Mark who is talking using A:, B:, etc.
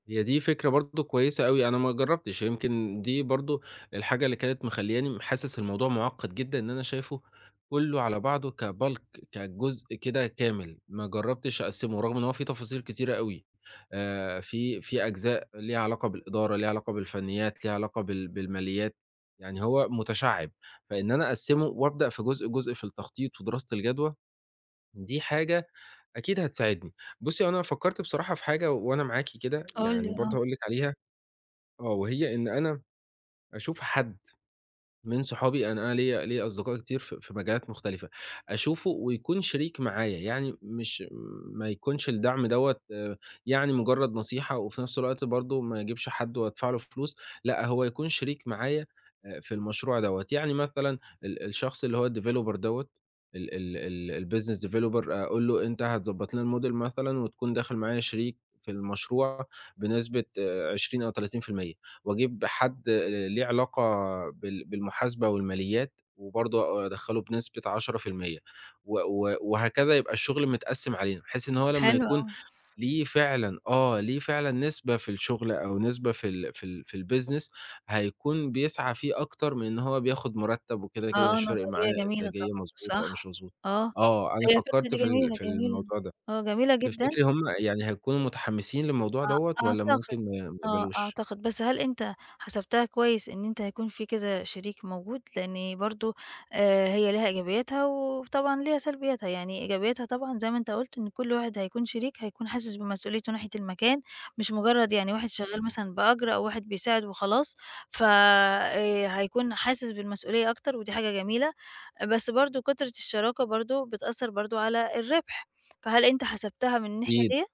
A: هي دي فكرة برضه كويسة أوي، أنا ما جرّبتش يمكن دي برضه الحاجة اللي كانت مخلياني حاسس الموضوع معقّد جدًا إن أنا شايفُه كلُّه على بعضه كBulk كجزء كده كامل، ما جرّبتش أقسِّمه رغم إن هو فيه تفاصيل كتيرة أوي آآ، في في أجزاء ليها علاقة بالإدارة، ليها علاقة بالفنيات ليها علاقة بال بالماليات، يعني هو متشعِّب، فإن أنا أقسِّمه وأبدأ في جزء، جزء في التخطيط ودراسة الجدوى، دي حاجة أكيد هتساعدني، بُصّي، هو أنا فكّرت بصراحة في حاجة وأنا معاكِ كده،
B: قُل لي،
A: يعني برضه
B: آه.
A: هأقول لِك عليها آه وهي إن أنا أشوف حد من صحابي أنا أنا ليّا ليّا أصدقاء كتير في في مجالات مختلفة، أشوفه ويكون شريك معايا، يعني مش ما يكونش الدعم دوَّة آآ، يعني مجرد نصيحة وفي نفس الوقت برضه ما أجيبش حد وأدفع له فلوس، لأ هو يكون شريك معايا، أ في المشروع دوَّة، يعني مثلًا ال الشخص اللي هو الDeveloper دوَّة ال ال الBusiness Developer أقول له أنت هتضبَّط لنا الModel مثلًا، وتكون داخل معايا شريك في المشروع بنسبة آآ، 20 أو 30% وأجيب حد آآ، ليه علاقة بال بالمحاسبة والماليات، وبرضه أ أدخلّه بنسبة 10% و و وهكذا يبقى الشغل متقسِّم علينا، بحيث إن هو لمّا
B: حلو
A: يكون
B: أوي.
A: ليه فعلًا آه ليه فعلًا نسبة في الشغل أو نسبة في ال في ال في الBusiness هيكون بيسعى فيه أكتر من إن هو بياخد مرتب وكده، كده
B: آه،
A: مش فارق معاه
B: نظرية جميلة
A: إنتاجية
B: طبعًا،
A: مضبوطة أو مش
B: صح،
A: مضبوطة،
B: آه،
A: آه، أنا
B: هي الفكرة
A: فكّرت
B: دي
A: في ال
B: جميلة،
A: في
B: جميلة
A: الموضوع ده،
B: آه، جميلة جدًا.
A: تفتكري هم يعني هيكونوا متحمّسين للموضوع دوَّة
B: آه
A: والّا
B: أعتقد،
A: ممكن ما ما
B: آه
A: يقبلوش؟
B: أعتقد، بس هل أنت حسبتها كويس إن أنت هيكون فيه كذا شريك موجود، لإن برضه آآ، هي لها إيجابياتها وطبعًا ليها سلبياتها، يعني إيجابياتها طبعًا زي ما أنت قلت إن كل واحد هيكون شريك هيكون حاسس بمسؤوليته ناحية المكان، مش مجرّد يعني واحد شغال
A: آه.
B: مثلًا بأجر أو واحد بيساعد وخلاص ف آآ، هيكون حاسس بالمسؤولية أكتر، ودي حاجة جميلة، بس برضه كُترة الشراكة برضه بتأثّر برضه على الربح، فهل أنت حسبتها من الناحية
A: أكيد.
B: ديَّة؟